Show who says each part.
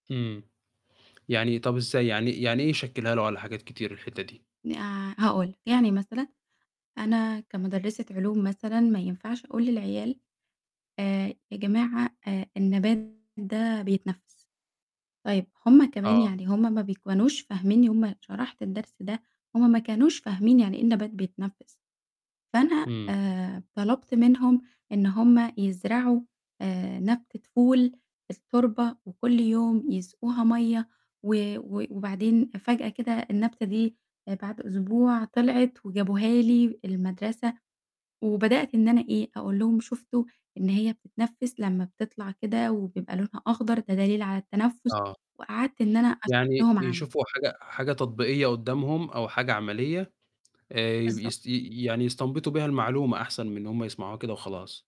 Speaker 1: إمم. يعني طَب إزاي يعني يعني إيه يشكلها له على حاجات كتير الحتة دي؟
Speaker 2: ن آآ هاقول لك، يعني مثلًا أنا كمُدرسة علوم مثلًا ما ينفعش أقول للعيال، آآ يا جماعة آآ النبات ده بيتنفّس. طيب هُم كمان
Speaker 1: آه.
Speaker 2: يعني هُم ما بيكونوش فاهميني، هُم شرحت الدرس ده، هُم ما كانوش فاهمين يعني إيه النبات بيتنفّس. فأنا
Speaker 1: إمم.
Speaker 2: آآ طلبت منهم إن هُم يزرعوا آآ نبتة فول في التربة وكُل يوم يسقوها مَيَّة، و و وبعدين فجأة كده النبتة دي بعد أسبوع طلعت وجابوها لي المدرسة، وبدأت إن أنا إيه، أقول لهم شُفتوا إن هي بتتنفّس لمّا بتطلع كده وبيبقى لونها أخضر ده دليل على التنفّس،
Speaker 1: آه.
Speaker 2: وقعدت إن أنا أشرح
Speaker 1: يعني
Speaker 2: لهم عملي.
Speaker 1: يشوفوا حاجة حاجة تطبيقية قُدامهم، أو حاجة عملية، آآ
Speaker 2: بالضبط.
Speaker 1: يس ي يعني يستنبطوا بيها المعلومة أحسن من إن هُم يسمعوها كده وخلاص.